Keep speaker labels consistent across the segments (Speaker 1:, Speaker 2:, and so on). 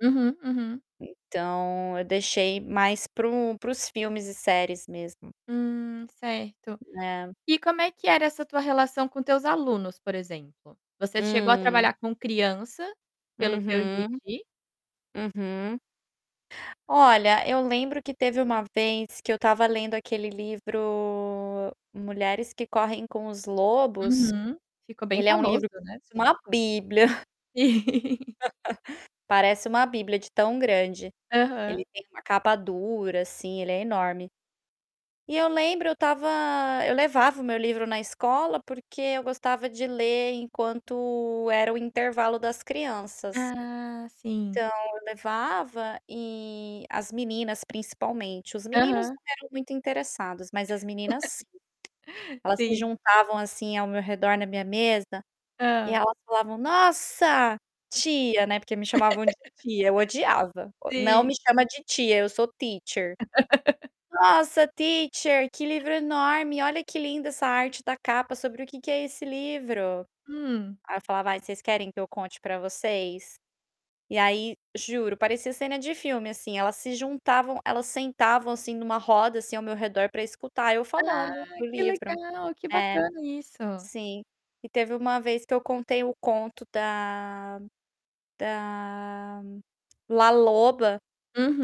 Speaker 1: Hum, hum.
Speaker 2: Então eu deixei mais para o para os filmes e séries mesmo.
Speaker 1: Hum, certo.
Speaker 2: Hum, é.
Speaker 1: E como é que era essa tua relação com teus alunos, por exemplo? Você chegou a
Speaker 2: Hum.
Speaker 1: trabalhar com criança, pelo que eu
Speaker 2: Uhum.
Speaker 1: entendi.
Speaker 2: Uhum. Olha, eu lembro que teve uma vez que eu estava lendo aquele livro Mulheres que correm com os lobos.
Speaker 1: Uhum. Ficou bem
Speaker 2: Ele é um
Speaker 1: famoso,
Speaker 2: livro
Speaker 1: né.
Speaker 2: [unintelligible] uma bíblia. Parece uma bíblia de tão grande. Ele
Speaker 1: Aham.
Speaker 2: tem uma capa dura, assim, ele é enorme. E eu lembro, eu estava eu levava o meu livro na escola porque eu gostava de ler enquanto era o intervalo das crianças.
Speaker 1: Ah, sim.
Speaker 2: Então eu levava e, as meninas principalmente, os meninos
Speaker 1: Aham.
Speaker 2: não eram muito interessados, mas as meninas elas se
Speaker 1: Sim.
Speaker 2: juntavam, assim, ao meu redor na minha mesa, e
Speaker 1: Hã.
Speaker 2: elas falavam: "Nossa, tia", né, porque me chamavam de tia eu odiava, o "Não
Speaker 1: Sim.
Speaker 2: me chama de tia eu sou teacher". "Nossa, teacher, livro enorme. Olha que lindo essa arte da capa. Sobre o que que é esse livro?".
Speaker 1: Hum.
Speaker 2: Aí eu falava: "Ai, vocês querem que eu conte para vocês?". E aí, juro, parecia cena de filme, assim, elas se juntavam elas sentavam, assim, em uma roda, assim, ao meu redor para escutar eu
Speaker 1: Ah,
Speaker 2: falando do
Speaker 1: que
Speaker 2: livro.
Speaker 1: legal! Que
Speaker 2: É.
Speaker 1: bacana isso.
Speaker 2: Sim. E teve uma vez que eu contei o conto da da La Loba,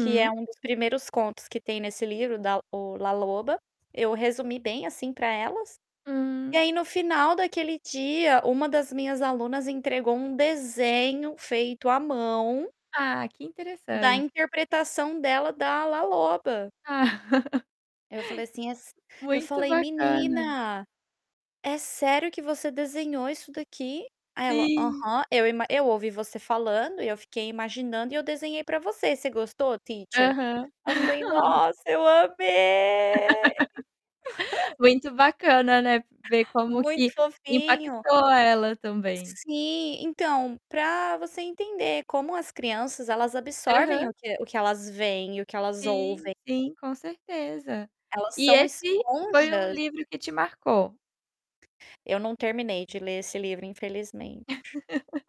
Speaker 2: que é um dos primeiros contos que tem nesse livro da o La Loba. Eu resumi bem, assim, para elas, e
Speaker 1: Hum.
Speaker 2: aí no final daquele dia, uma das minhas alunas entregou um desenho feito à mão
Speaker 1: Ah, que
Speaker 2: da
Speaker 1: interessante.
Speaker 2: interpretação dela da La Loba.
Speaker 1: Ah.
Speaker 2: Aí eu falei assim as
Speaker 1: Muito
Speaker 2: falei:
Speaker 1: bacana.
Speaker 2: "Menina, é sério que você desenhou isso daqui?" Aí ela:
Speaker 1: Sim.
Speaker 2: "Aham. Eu ima eu ouvi você falando e eu fiquei imaginando e eu desenhei para você. Você gostou, teacher?"
Speaker 1: Aham.
Speaker 2: Ela foi: "Nossa, eu amei!".
Speaker 1: Muito bacana, né, ver como
Speaker 2: Muito
Speaker 1: que
Speaker 2: fofinho.
Speaker 1: impactou ela também.
Speaker 2: Sim. Então, para você entender como as crianças elas absorvem
Speaker 1: Aham.
Speaker 2: o que o que elas veem e o que elas
Speaker 1: Sim,
Speaker 2: ouvem.
Speaker 1: sim, com certeza.
Speaker 2: Elas
Speaker 1: E
Speaker 2: são
Speaker 1: esse foi um
Speaker 2: esponjas.
Speaker 1: livro que te marcou?
Speaker 2: Eu não terminei de ler esse livro, infelizmente.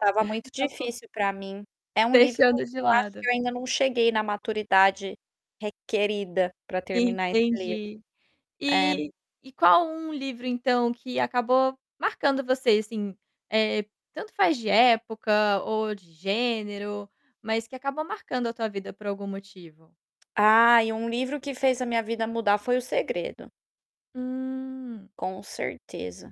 Speaker 2: Estava muito
Speaker 1: Acabou
Speaker 2: difícil para mim. É um livro
Speaker 1: deixando
Speaker 2: que
Speaker 1: de
Speaker 2: eu acho
Speaker 1: lado.
Speaker 2: que eu ainda não cheguei na maturidade requerida para terminar esse livro.
Speaker 1: Entendi.
Speaker 2: É.
Speaker 1: E e qual um livro então que acabou marcando você, assim, eh, tanto faz de época ou de gênero, mas que acabou marcando a tua vida por algum motivo?
Speaker 2: Ai, um livro que fez a minha vida mudar foi O Segredo.
Speaker 1: Hum.
Speaker 2: Com certeza.